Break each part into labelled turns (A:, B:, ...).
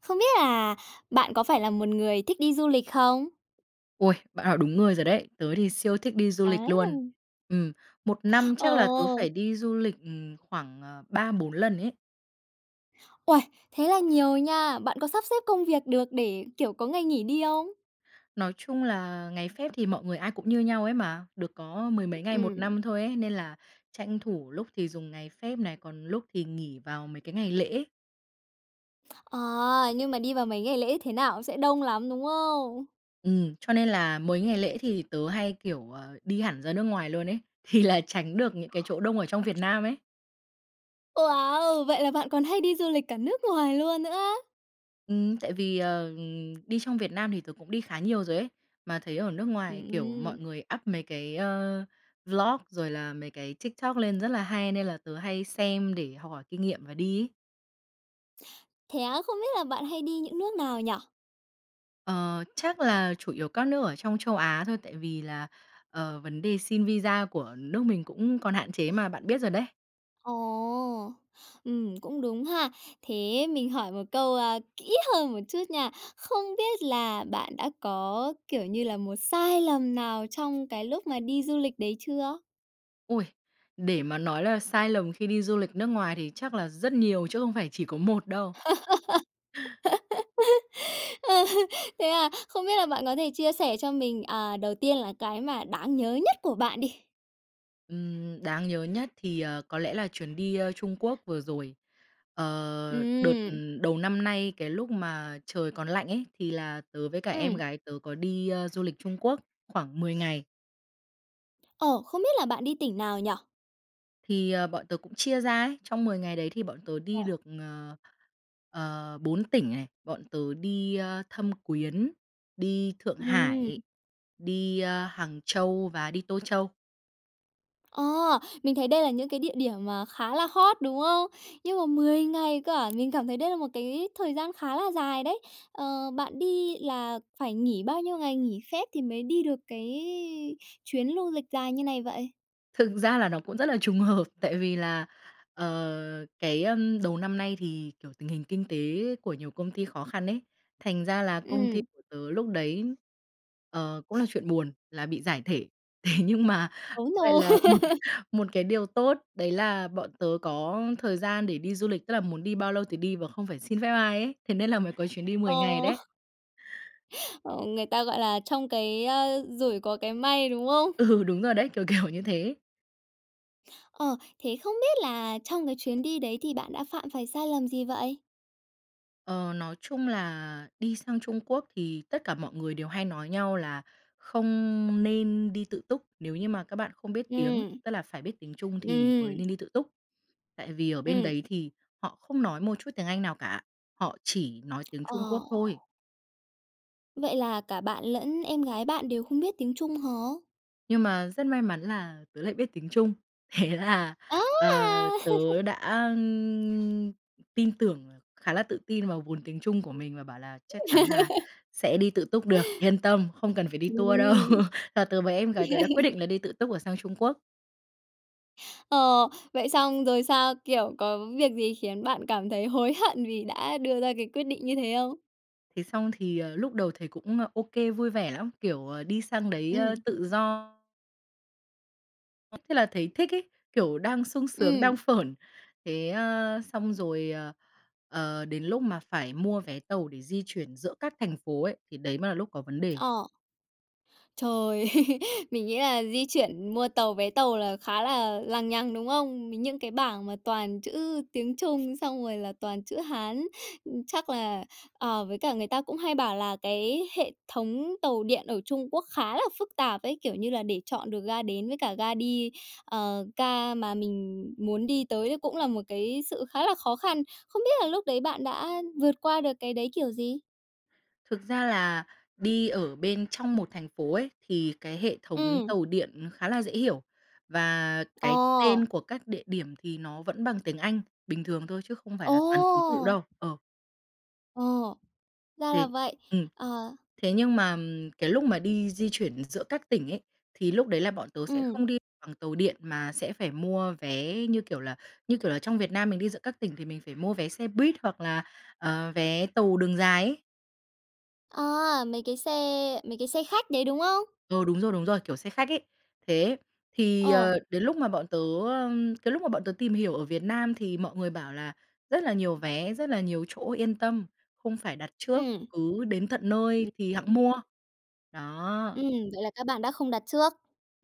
A: Không biết là bạn có phải là một người thích đi du lịch không?
B: Ôi, bạn hỏi đúng người rồi đấy! Tớ thì siêu thích đi du lịch luôn.
A: Á.
B: Ừm, một năm chắc là tớ phải
A: Ồ!
B: đi du lịch, ừm, khoảng, à, 3-4 lần ấy.
A: Ôi, thế là nhiều nha! Bạn có sắp xếp công việc được để, kiểu, có ngày nghỉ đi không?
B: Nói chung là ngày phép thì mọi người ai cũng như nhau ấy mà, được có mười mấy ngày một
A: Ừm.
B: năm thôi ấy, nên là tranh thủ lúc thì dùng ngày phép này, còn lúc thì nghỉ vào mấy cái ngày lễ.
A: À! Nhưng mà đi vào mấy ngày lễ thế nào cũng sẽ đông lắm, đúng không?
B: Ừm, cho nên là mấy ngày lễ thì tớ hay, kiểu, ờ, đi hẳn ra nước ngoài luôn ấy, thì là tránh được những cái chỗ đông ở trong Việt Nam ấy.
A: Wow! Vậy là bạn còn hay đi du lịch cả nước ngoài luôn nữa á?
B: Ừm, tại vì, ờ, đi trong Việt Nam thì tớ cũng đi khá nhiều rồi ấy. Mà thấy ở nước ngoài, kiểu, mọi
A: Ừm.
B: người up mấy cái ơ vlog rồi là mấy cái TikTok lên rất là hay nên là tớ hay xem để học hỏi kinh nghiệm và đi ấy.
A: Thế á? Không biết là bạn hay đi những nước nào nhỉ?
B: Ờ, chắc là chủ yếu các nước ở trong châu Á thôi, tại vì là, ờ, vấn đề xin visa của nước mình cũng còn hạn chế mà, bạn biết rồi đấy.
A: Ồ! Ừm, cũng đúng ha! Thế, mình hỏi một câu, ơ, kỹ hơn một chút nha. Không biết là bạn đã có, kiểu như là, một sai lầm nào trong cái lúc mà đi du lịch đấy chưa?
B: Ôi, để mà nói là sai lầm khi đi du lịch nước ngoài thì chắc là rất nhiều chứ không phải chỉ có một đâu.
A: Ơ, thế à? Không biết là bạn có thể chia sẻ cho mình, à, đầu tiên là cái mà đáng nhớ nhất của bạn đi.
B: Ừm, đáng nhớ nhất thì, ờ, có lẽ là chuyến đi, ơ, Trung Quốc vừa rồi. Ờ, đợt
A: Ừm.
B: đầu năm nay, cái lúc mà trời còn lạnh ấy, thì là tớ với cả em
A: Ừm.
B: gái tớ có đi, ơ, du lịch Trung Quốc khoảng 10 ngày.
A: Ồ, không biết là bạn đi tỉnh nào nhỉ?
B: Thì bọn tớ cũng chia ra ấy, trong 10 ngày đấy thì bọn tớ đi
A: Ồ.
B: được, ờ, ờ 4 tỉnh này. Bọn tớ đi, ơ, Thâm Quyến, đi Thượng
A: Ừm.
B: Hải, đi, ơ, Hàng Châu và đi Tô Châu.
A: Ờ, mình thấy đây là những cái địa điểm mà khá là hot đúng không? Nhưng mà 10 ngày cơ à, mình cảm thấy đây là một cái thời gian khá là dài đấy. Ờ, bạn đi là phải nghỉ bao nhiêu ngày nghỉ phép thì mới đi được cái chuyến lu lịch dài như này vậy?
B: Thực ra là nó cũng rất là trùng hợp, tại vì là, ờ, cái, ơm, đầu năm nay thì, kiểu, tình hình kinh tế của nhiều công ty khó khăn ấy, thành ra là công ty
A: Ừm.
B: của tớ lúc đấy, ờ, cũng là chuyện buồn là bị giải thể. Thế nhưng mà
A: Ố,
B: lại
A: nô.
B: là một một cái điều tốt, đấy là bọn tớ có thời gian để đi du lịch, tức là muốn đi bao lâu thì đi và không phải xin phép ai ấy, thế nên là mới có chuyến đi 10 ngày
A: Ồ.
B: đấy.
A: Ờ, người ta gọi là trong cái, ơ, rủi có cái may, đúng không?
B: Ừ, đúng rồi đấy, kiểu, kiểu như thế.
A: Ờ, thế không biết là trong cái chuyến đi đấy thì bạn đã phạm phải sai lầm gì vậy?
B: Ờ, nói chung là đi sang Trung Quốc thì tất cả mọi người đều hay nói nhau là, không nên đi tự túc nếu như mà các bạn không biết tiếng,
A: Ừm.
B: tức là phải biết tiếng Trung thì mới
A: Ừm.
B: nên đi tự túc. Tại vì ở bên
A: Ừm.
B: đấy thì họ không nói một chút tiếng Anh nào cả. Họ chỉ nói tiếng
A: Ờ.
B: Trung Quốc thôi.
A: Vậy là cả bạn lẫn em gái bạn đều không biết tiếng Trung hả?
B: Nhưng mà rất may mắn là tớ lại biết tiếng Trung. Thế là,
A: Á,
B: ờ,
A: a!
B: tớ đã, ừm, tin tưởng khá là tự tin vào vốn tiếng Trung của mình và bảo là chắc chắn là sẽ đi tự túc được yên tâm, không cần phải đi tour đâu.
A: Ừm.
B: Và tớ với em gái tớ đã quyết định là đi tự túc, ờ, sang Trung Quốc.
A: Ờ, vậy xong rồi sao? Kiểu, có việc gì khiến bạn cảm thấy hối hận vì đã đưa ra cái quyết định như thế không?
B: Thế xong thì, ờ, lúc đầu thấy cũng ô kê, vui vẻ lắm, kiểu, đi sang đấy, ơ,
A: Ừm.
B: tự do. Thế là thấy thích ấy, kiểu đang sung sướng, đang
A: Ừm.
B: phởn. Thế, ơ, xong rồi, ờ, ờ, đến lúc mà phải mua vé tàu để di chuyển giữa các thành phố ấy, thì đấy mới là lúc có vấn đề.
A: Ờ. Trời! Mình nghĩ là di chuyển, mua tàu vé tàu là khá là lằng nhằng, đúng không? Những cái bảng mà toàn chữ tiếng Trung xong rồi là toàn chữ Hán. Chắc là ờ, với cả người ta cũng hay bảo là cái hệ thống tàu điện ở Trung Quốc khá là phức tạp ấy, kiểu, như là để chọn được ga đến với cả ga đi, ờ, ga mà mình muốn đi tới đấy cũng là một cái sự khá là khó khăn. Không biết là lúc đấy bạn đã vượt qua được cái đấy kiểu gì?
B: Thực ra là đi ở bên trong một thành phố ấy, thì cái hệ thống
A: Ừm.
B: tàu điện khá là dễ hiểu. Và
A: Ờ.
B: cái tên của các địa điểm thì nó vẫn bằng tiếng Anh bình thường thôi, chứ không phải là toàn ký tự
A: Ồ!
B: đâu. Ờ.
A: Ồ, ra là
B: Thì
A: vậy.
B: ừm.
A: Ờ.
B: Thế nhưng mà cái lúc mà đi di chuyển giữa các tỉnh ấy, thì lúc đấy là bọn tớ sẽ
A: Ừm.
B: không đi bằng tàu điện mà sẽ phải mua vé. Như kiểu là, như kiểu là, trong Việt Nam mình đi giữa các tỉnh thì mình phải mua vé xe buýt hoặc là, ờ, vé tàu đường dài ấy.
A: À, mấy cái xe mấy cái xe khách đấy, đúng không?
B: Ừ, đúng rồi, đúng rồi, kiểu xe khách ấy. Thế, thì,
A: Ồ.
B: ờ, đến lúc mà bọn tớ, ơ, cái lúc mà bọn tớ tìm hiểu ở Việt Nam thì mọi người bảo là rất là nhiều vé, rất là nhiều chỗ, yên tâm, không phải đặt trước,
A: Ừm.
B: cứ đến tận nơi thì hẵng
A: [unintelligible]
B: mua. Đó.
A: Ừm, vậy là các bạn đã không đặt trước.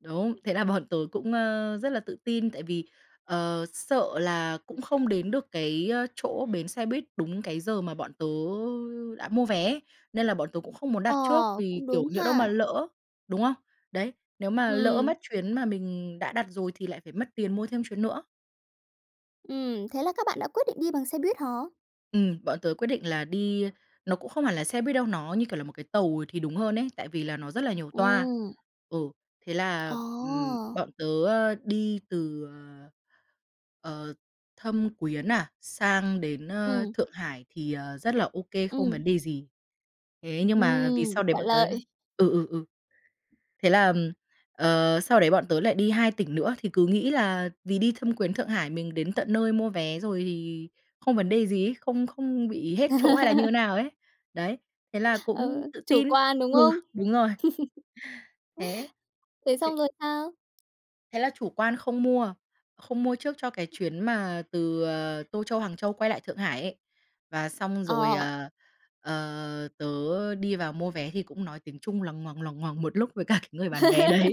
B: Đúng. Thế là bọn tớ cũng, ơ, rất là tự tin, tại vì, ờ, sợ là cũng không đến được cái chỗ bến xe buýt đúng cái giờ mà bọn tớ đã mua vé, nên là bọn tớ cũng không muốn đặt
A: Ờ,
B: trước vì,
A: cũng
B: kiểu,
A: đúng
B: nhỡ đâu mà
A: ha.
B: lỡ, đúng không? Đấy, nếu mà lỡ
A: Ừm.
B: mất chuyến mà mình đã đặt rồi thì lại phải mất tiền mua thêm chuyến nữa.
A: Ừm, thế là các bạn đã quyết định đi bằng xe buýt hả?
B: Ừm, bọn tớ quyết định là đi nó cũng không hẳn là xe buýt đâu, nó, như kiểu, là một cái tàu thì đúng hơn ấy, tại vì là nó rất là nhiều toa.
A: Ừm.
B: Ừ, thế là,
A: Ờ.
B: ừm, bọn tớ, ơ, đi từ, ờ, ờ, Thâm Quyến à, sang đến, ơ,
A: Ừm.
B: Thượng Hải thì, ờ, rất là ô kê, không vấn
A: Ừm.
B: đề gì. Thế nhưng mà vì
A: Ừm,
B: sau đấy
A: thuận
B: bọn tớ
A: lợi.
B: ừ, ừ, ừ. Thế là, ờm, ờ, sau đấy bọn tớ lại đi 2 tỉnh nữa thì cứ nghĩ là vì đi Thâm Quyến Thượng Hải mình đến tận nơi mua vé rồi thì không vấn đề gì ấy, không không bị hết chỗ hay là như nào ấy. Đấy, thế là cũng
A: Ờ,
B: tự
A: chủ
B: tin.
A: quan đúng
B: Ừ,
A: không?
B: đúng rồi. Thế
A: Thế
B: ê
A: xong rồi sao?
B: thế là chủ quan không mua. Không mua trước cho cái chuyến mà từ, ờ, Tô Châu, Hàng Châu quay lại Thượng Hải ấy. Và xong rồi,
A: Ờ.
B: ờ, ờ, tớ đi vào mua vé thì cũng nói tiếng Trung loằng ngoằng, loằng ngoằng một lúc với cả cái người bán vé đấy.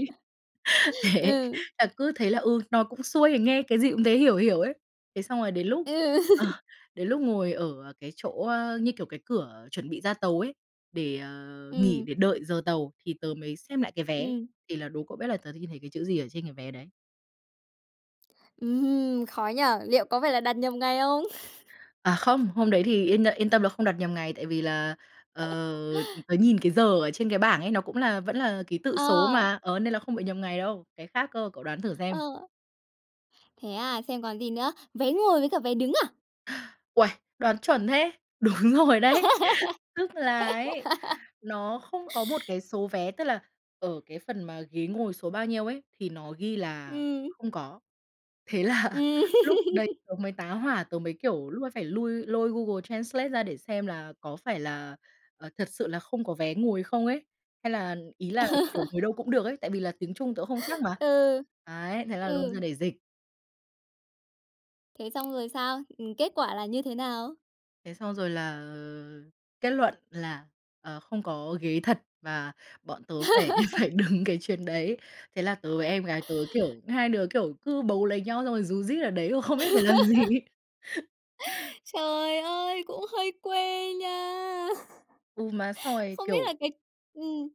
B: Thế,
A: Ừ.
B: là cứ thế là, ừ, nó cũng xuôi thì nghe cái gì cũng thấy hiểu hiểu ấy. Thế xong rồi đến lúc,
A: Ừ.
B: ờ, đến lúc ngồi ở cái chỗ, ơ, như kiểu, cái cửa chuẩn bị ra tàu ấy, để, ờ, nghỉ
A: Ừm.
B: để đợi giờ tàu, thì tớ mới xem lại cái vé,
A: Ừm.
B: thì là đố cậu biết là tớ đ nhìn thấy cái chữ gì ở trên cái vé đấy?
A: Ừm, khó nhỉ. Liệu có phải là đặt nhầm ngày không?
B: À, không, hôm đấy thì yên yên tâm là không đặt nhầm ngày tại vì là, ờ, tớ nhìn cái giờ ở trên cái bảng ấy, nó cũng là vẫn là ký tự số
A: Ờ.
B: mà, ờ, nên là không bị nhầm ngày đâu. Cái khác cơ, cậu đoán thử
A: Ờ.
B: xem.
A: Thế à, xem còn gì nữa, vé ngồi với cả vé đứng à?
B: Uầy, đoán chuẩn thế! Đúng rồi đấy. Tức là ấy, nó không có một cái số vé, tức là ở cái phần mà ghế ngồi số bao nhiêu ấy, thì nó ghi là
A: Ừm.
B: không có. Thế là
A: Ừm.
B: lúc đấy tớ mới tá hỏa, tớ mới, kiểu, lúc ấy phải lui lôi Google Translate ra để xem là có phải là, ờ, thật sự là không có vé ngồi không ấy, hay là ý là, kiểu, ngồi đâu cũng được ấy, tại vì là tiếng Trung tớ không chắc mà.
A: Ừ,
B: Đấy, thế là lôi
A: ừ.
B: ra để dịch.
A: Thế xong rồi sao? Ừm, kết quả là như thế nào?
B: Thế xong rồi là, ờ, kết luận là, ờ, không có ghế thật và bọn tớ phải phải đứng cái chuyến đấy. Thế là tớ với em gái tớ, kiểu, hai đứa, kiểu, cứ bấu lấy nhau, xong rồi rú rít ở đấy và không biết phải làm gì ấy.
A: Trời ơi, cũng hơi quê nha!
B: Ừ, mà xong rồi,
A: Không biết
B: kiểu
A: là cái ừm.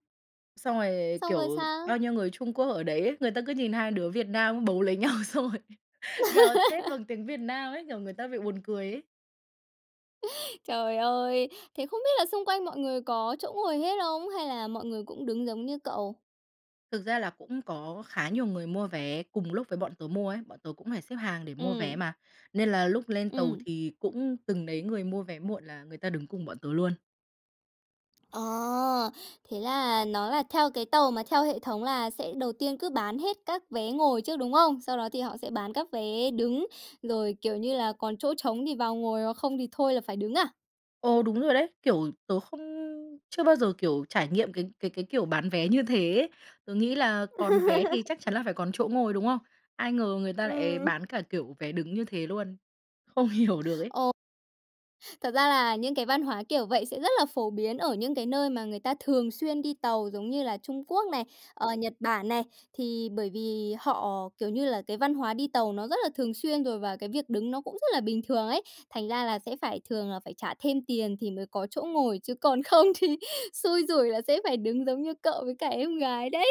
B: xong rồi,
A: Xong rồi
B: kiểu, bao
A: sao?
B: nhiêu người Trung Quốc ở đấy ấy, người ta cứ nhìn hai đứa Việt Nam bấu lấy nhau, xong rồi gào thét bằng tiếng Việt Nam ấy, kiểu, người ta bị buồn cười ấy.
A: Trời ơi! Thế không biết là xung quanh mọi người có chỗ ngồi hết không, hay là mọi người cũng đứng giống như cậu?
B: Thực ra là cũng có khá nhiều người mua vé cùng lúc với bọn tớ mua ấy, bọn tớ cũng phải xếp hàng để mua vé
A: Ừm.
B: mà. Nên là lúc lên tàu
A: Ừm.
B: thì cũng từng đấy người mua vé muộn là người ta đứng cùng bọn tớ luôn.
A: À! Thế là nó là theo cái tàu mà theo hệ thống là sẽ đầu tiên cứ bán hết các vé ngồi trước, đúng không? Sau đó thì họ sẽ bán các vé đứng, rồi, kiểu như là, còn chỗ trống thì vào ngồi hoặc không thì thôi là phải đứng à?
B: Ồ, đúng rồi đấy. Kiểu tớ không chưa bao giờ, kiểu, trải nghiệm cái cái cái kiểu bán vé như thế ấy. Tớ nghĩ là còn vé thì chắc chắn là phải còn chỗ ngồi, đúng không? Ai ngờ người ta lại
A: Ừm.
B: bán cả kiểu vé đứng như thế luôn. Không hiểu được ấy.
A: Ồ. Thật ra là những cái văn hóa kiểu vậy sẽ rất là phổ biến ở những cái nơi mà người ta thường xuyên đi tàu giống như là Trung Quốc này, ờ, Nhật Bản này. Thì bởi vì họ kiểu như là cái văn hóa đi tàu nó rất là thường xuyên rồi, và cái việc đứng nó cũng rất là bình thường ấy, thành ra là sẽ phải thường là phải trả thêm tiền thì mới có chỗ ngồi chứ còn không thì xui rủi là sẽ phải đứng giống như cậu với cả em gái đấy.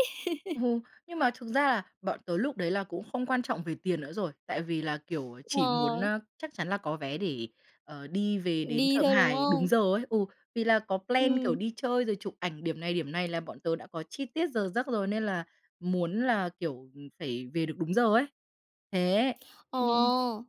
B: Ừ. Nhưng mà thực ra là bọn tớ lúc đấy là cũng không quan trọng về tiền nữa rồi. Tại vì là, kiểu, chỉ muốn,
A: Ờ.
B: ơ, chắc chắn là có vé để, ờ, đi về đến
A: Đi
B: Thượng
A: thôi, đúng
B: Hải đúng
A: không?
B: giờ ấy. Ừ, vì là có plan, kiểu,
A: Ừm.
B: đi chơi rồi chụp ảnh điểm này, điểm này, là bọn tớ đã có chi tiết giờ giấc rồi nên là muốn là, kiểu, phải về được đúng giờ ấy. Thế, nh
A: Ồ!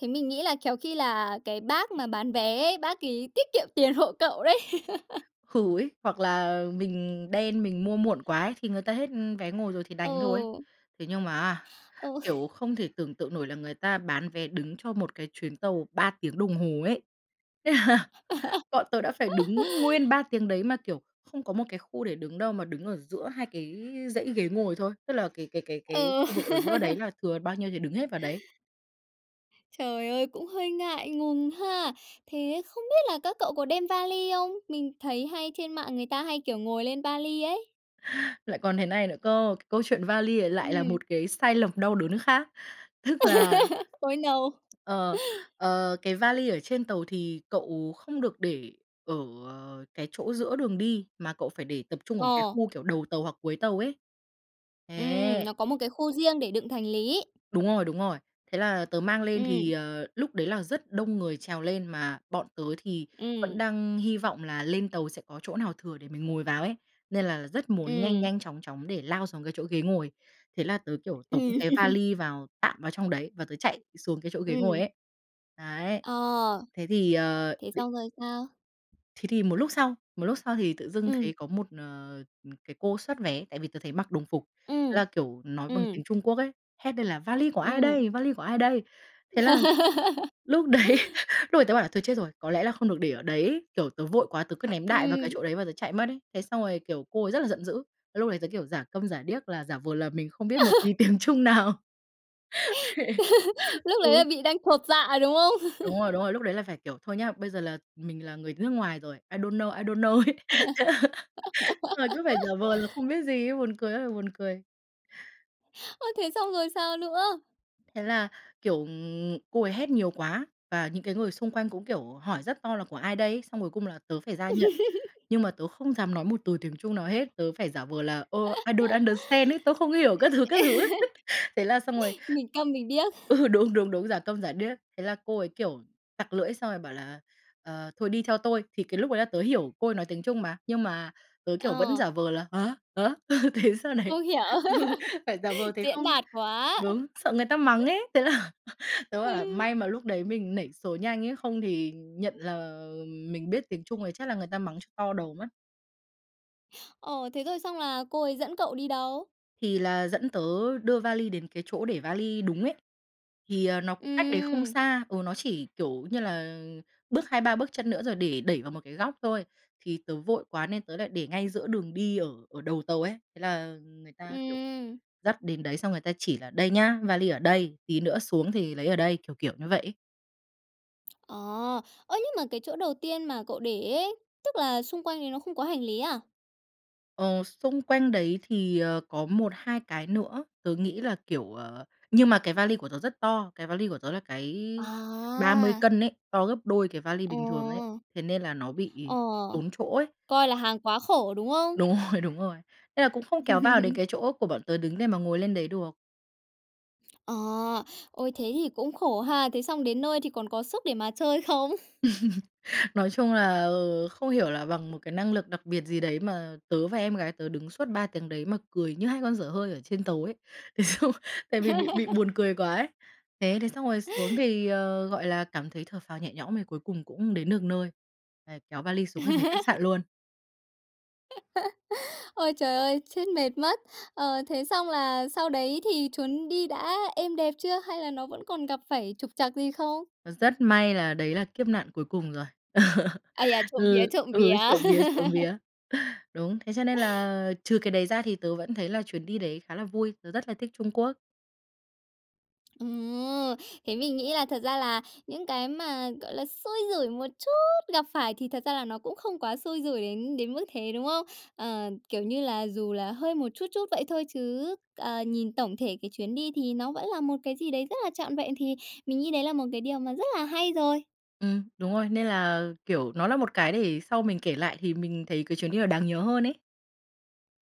A: Thế mình nghĩ là khéo khi là cái bác mà bán vé ấy, bác ấy tiết kiệm tiền hộ cậu đấy.
B: Ừ ấy, hoặc là mình đen, mình mua muộn quá ấy, thì người ta hết vé ngồi rồi thì đành thôi.
A: Ừ.
B: Thế nhưng mà á,
A: Ừ.
B: kiểu, không thể tưởng tượng nổi là người ta bán vé đứng cho một cái chuyến tàu 3 tiếng đồng hồ ấy. Thế là bọn tớ đã phải đứng nguyên 3 tiếng đấy mà, kiểu, không có một cái khu để đứng đâu, mà đứng ở giữa hai cái dãy ghế ngồi thôi. Tức là cái cái cái cái
A: Ừ.
B: khu vực ở giữa đấy là thừa bao nhiêu thì đứng hết vào đấy.
A: Trời ơi, cũng hơi ngại ngùng ha! Thế không biết là các cậu có đem va li không? Mình thấy hay trên mạng người ta hay, kiểu, ngồi lên va li ấy.
B: Lại còn thế này nữa cơ, cái câu chuyện va li này lại là
A: Ừm.
B: một cái sai lầm đau đớn khác. Tức là
A: Ôi, no!
B: ờ, ờ, cái va li ở trên tàu thì cậu không được để ở, à, cái chỗ giữa đường đi, mà cậu phải để tập trung ở một cái
A: Ờ.
B: khu kiểu đầu tàu hoặc cuối tàu ấy.
A: Ừm,
B: Thế.
A: nó có một cái khu riêng để đựng thành lý.
B: Đúng rồi, đúng rồi. Thế là tớ mang lên thì,
A: Ừm.
B: ờ, lúc đấy là rất đông người trèo lên mà bọn tớ thì vẫn
A: Ừm.
B: đang hy vọng là lên tàu sẽ có chỗ nào thừa để mình ngồi vào ấy, nên là rất muốn nhanh
A: Ừm.
B: nhanh chóng chóng để lao xuống cái chỗ ghế ngồi. Thế là tớ, kiểu, tống cái va
A: Ừm.
B: li vào tạm vào trong đấy, và tớ chạy xuống cái chỗ ghế ngồi
A: Ừm.
B: ấy. Đấy.
A: Ờ,
B: Thế thì, ờ,
A: thế
B: b
A: xong rồi sao?
B: Thế thì một lúc sau một lúc sau thì tự dưng thấy
A: Ừm.
B: có một, ờ, ừ, cái cô soát vé, tại vì tớ thấy mặc đồng phục, thế
A: Ừm.
B: là, kiểu, nói bằng
A: Ừm.
B: tiếng Trung Quốc ấy, hét lên là "Va li của ai
A: Ừm.
B: đây, va li của ai đây?". Thế là lúc đấy lúc ấy tớ bảo là "Thôi chết rồi, có lẽ là không được để ở đấy" ấy. Kiểu tớ vội quá tớ cứ ném đại vào
A: Ừm.
B: cái chỗ đấy và tớ chạy mất ấy. Thế xong rồi, kiểu, cô ấy rất là giận dữ. Thế lúc đấy tớ, kiểu, giả câm giả điếc, là giả vờ là mình không biết một tí tiếng Trung nào.
A: Lúc đấy
B: Ừ.
A: là bị đang chột dạ, đúng không?
B: Đúng rồi, đúng rồi, lúc đấy là phải kiểu thôi nhá, bây giờ là mình là người nước ngoài rồi, I don't know, I don't know ấy. Xong rồi cứ phải giả vờ là không biết gì ấy. Buồn cười ơi là buồn cười.
A: Ơ, thế xong rồi sao nữa?
B: Thế là, kiểu, ừm, cô ấy hét nhiều quá, và những cái người xung quanh cũng, kiểu, hỏi rất to là "Của ai đây?" ấy, xong cuối cùng là tớ phải ra nhận. Nhưng mà tớ không dám nói một từ tiếng Trung nào hết, tớ phải giả vờ là "Ơ, I don't understand" ấy, tôi không hiểu các thứ, các thứ ấy. Thế là xong rồi
A: Mình câm, mình điếc.
B: ừ, đúng, đúng, đúng, giả câm giả điếc. Thế là cô ấy kiểu tặc lưỡi xong rồi bảo là "Ờ, thôi đi theo tôi." Thì cái lúc ấy là tớ hiểu, cô ấy nói tiếng Trung mà, nhưng mà tớ, kiểu, vẫn
A: Ờ.
B: giả vờ là "Hả, hả?". Thế sau này
A: Không hiểu.
B: ừ, phải giả vờ thế
A: Diễn
B: không
A: đạt quá!
B: đúng, sợ người ta mắng ấy. Thế là tớ bảo là
A: Ừ.
B: "May mà lúc đấy mình nảy số nhanh," ấy "không thì nhận là mình biết tiếng Trung thì chắc là người ta mắng cho to đầu mất."
A: Ồ, thế thôi xong là cô ấy dẫn cậu đi đâu?
B: Thì là dẫn tớ đưa vali đến cái chỗ để vali đúng ấy, thì, ờ, nó cũng cách đấy không
A: Ừm.
B: xa. Ừ, nó chỉ, kiểu, như là bước 2-3 bước chân nữa, rồi để đẩy vào một cái góc thôi, thì tớ vội quá nên tớ lại để ngay giữa đường đi ở ở đầu tàu ấy. Thế là người ta, kiểu,
A: Ừm.
B: dắt đến đấy xong người ta chỉ là "Đây nhá, vali ở đây, tí nữa xuống thì lấy ở đây." Kiểu, kiểu, như vậy ấy.
A: Ờ. Ơ, nhưng mà cái chỗ đầu tiên mà cậu để ấy, tức là xung quanh đấy nó không có hành lý à?
B: Ờ, xung quanh đấy thì, ờ, có 1-2 cái nữa, tớ nghĩ là kiểu, ờ, nhưng mà cái vali của tớ rất to, cái vali của tớ là cái 30
A: À!
B: cân ấy, to gấp đôi cái vali
A: Ờ.
B: bình thường ấy, thế nên là nó bị
A: Ờ,
B: tốn chỗ ấy.
A: coi là hàng quá khổ, đúng không?
B: Đúng rồi, đúng rồi. Nên là cũng không kéo vào đến cái chỗ của bọn tớ đứng để mà ngồi lên đấy được.
A: Ờ. Ôi, thế thì cũng khổ ha! Thế xong đến nơi thì còn có sức để mà chơi không?
B: Nói chung là, ờ, không hiểu là bằng một cái năng lực đặc biệt gì đấy, mà tớ và em gái tớ đứng suốt 3 tiếng đấy mà cười như hai con dở hơi ở trên tàu ấy, thế xong tại vì bị bị buồn cười quá ấy. Thế thế xong rồi xuống thì, ờ, gọi là cảm thấy thở phào nhẹ nhõm, thì cuối cùng cũng đến được nơi. Đấy, kéo vali xuống cái về khách sạn luôn.
A: Ôi trời ơi, chết mệt mất! Ờ, thế xong là sau đấy thì chuyến đi đã êm đẹp chưa hay là nó vẫn còn gặp phải trục trặc gì không?
B: Rất may là đấy là kiếp nạn cuối cùng rồi.
A: Ai da! Trộm vía,
B: Ừ,
A: trộm
B: ừ,
A: vía!
B: trộm vía, trộm vía! Đúng, thế cho nên là trừ cái đấy ra thì tớ vẫn thấy là chuyến đi đấy khá là vui, tớ rất là thích Trung Quốc.
A: Ồ! Thế mình nghĩ là thật ra là những cái mà, gọi là, xui rủi một chút gặp phải thì thật ra là nó cũng không quá xui rủi đến đến mức thế, đúng không? Ờ, kiểu, như là dù là hơi một chút chút vậy thôi chứ, ờ, nhìn tổng thể cái chuyến đi thì nó vẫn là một cái gì đấy rất là trọn vẹn, thì mình nghĩ đấy là một cái điều mà rất là hay rồi.
B: Ừm, đúng rồi, nên là, kiểu, nó là một cái để sau mình kể lại thì mình thấy cái chuyến đi nó đáng nhớ hơn ấy.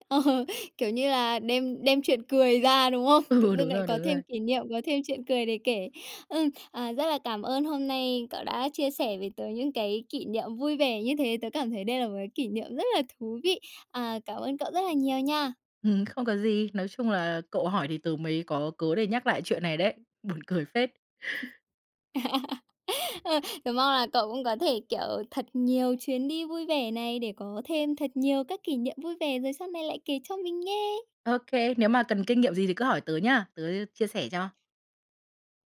A: Ờ, kiểu, như là đem đem chuyện cười ra, đúng không? Tự
B: Ừ,
A: dưng
B: đúng
A: lại
B: rồi,
A: có
B: đúng rồi.
A: thêm kỷ niệm, có thêm chuyện cười để kể. Ừm, à, rất là cảm ơn hôm nay cậu đã chia sẻ với tớ những cái kỷ niệm vui vẻ như thế, tớ cảm thấy đây là một cái kỷ niệm rất là thú vị. À, cảm ơn cậu rất là nhiều nha!
B: Ừm, không có gì. Nói chung là cậu hỏi thì tớ mới có cớ để nhắc lại chuyện này đấy, buồn cười phết!
A: Ờ, tớ mong là cậu cũng có thể, kiểu, thật nhiều chuyến đi vui vẻ này để có thêm thật nhiều các kỷ niệm vui vẻ rồi sau này lại kể cho mình nghe!
B: Ô kê, nếu mà cần kinh nghiệm gì thì cứ hỏi tớ nhá, tớ, ư, chia sẻ cho.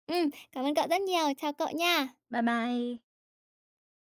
A: Ừm, cảm ơn cậu rất nhiều. Chào cậu nha!
B: Bye bye!